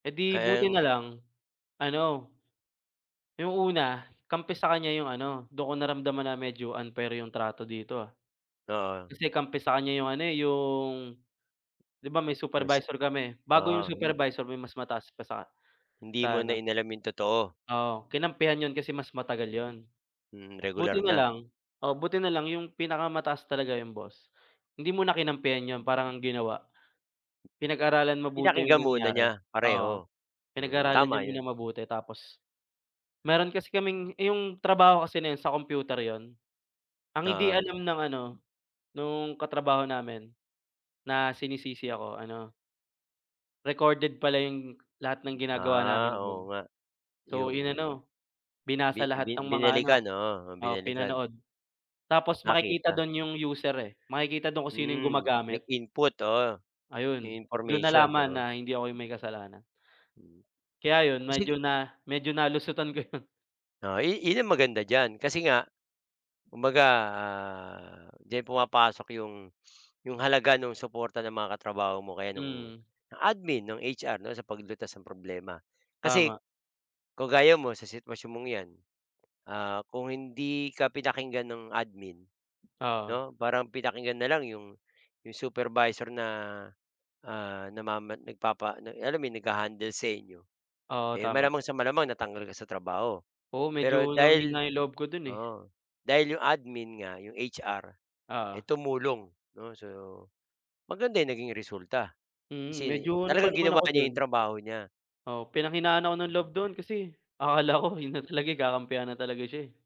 Eh di, buti Haen. na lang ano, yung una kampi sa kaniya yung ano dun ko naramdaman na medyo unfair yung trato dito, ah. Oo. Kasi kampi sa kanya 'yong ano, eh, yung 'di ba may Do'n sa supervisor kami bago yung oo hin supervisor may mas mataas pa sa hindi mo sa na ano inalam yung totoo. Oo, kinampihan yun kasi mas matagal yun. Mm, Buti regular na na. lang oh, buti na lang yung pinakamataas talaga yung boss hindi muna kinampihan yun parang ang ginawa, pinag-aralan mabuti yung Pinakinggan muna nangyari niya oo pareho? Mm, pinag-aralan niya tama muna 'yon. mabuti tapos mayroon kasi kaming yung trabaho kasi na yun sa kompyuter yun, ang hindi Oo. alam ng ano nung katrabaho namin na sinisisi ako ano recorded pala yung lahat ng ginagawa Ah, namin oo do'n. nga So, yung, inano, bi binasa bi lahat ng mga ano binalikan, oo, oo, binalikan. pinanood tapos makikita Nakita. do'n yung user, eh, makikita do'n kung sino yung Hmm, gumagamit. nag-input, oo 'yong Ayun do'n information, nalaman oo. na hindi ako yung may kasalanan. Hmm, Kaya yun ah medyo sige. na medyo nalusutan ko yun. Oh, i iyon maganda diyan kasi nga, kumbaga diyan pumapasok 'yong 'yong halaga nung suporta ng mga katrabaho mo kaya nung Mm. ng admin nong HR, 'no, sa paglutas ng problema. Kasi, Tama. kung gaya mo sa sitwasyon mong 'yan, ah, kung hindi ka pinakinggan ng admin, Oo. 'no? Parang pinakinggan na lang 'yong 'yong supervisor na, ah, namaman nagpapa na alam mo yun nagha-handle sa inyo, Oo, eh, tama. malamang sa malamang natanggal ka sa trabaho. Oo, medyo Pero dahil hinang-hina yung loob ko do'n, eh. oo, dahil 'yong admin nga 'yong HR, eh, Oo. tumulong, 'no, so, maganda yung naging resulta Mm, kasi medyo ano pa talagang naman ginawa ako ka niya 'yong do'n trabaho niya Oo, pinanghinaan ako ng loob Mm. do'n kasi akala ko yun na talaga yung kakampihan na talaga siya, eh.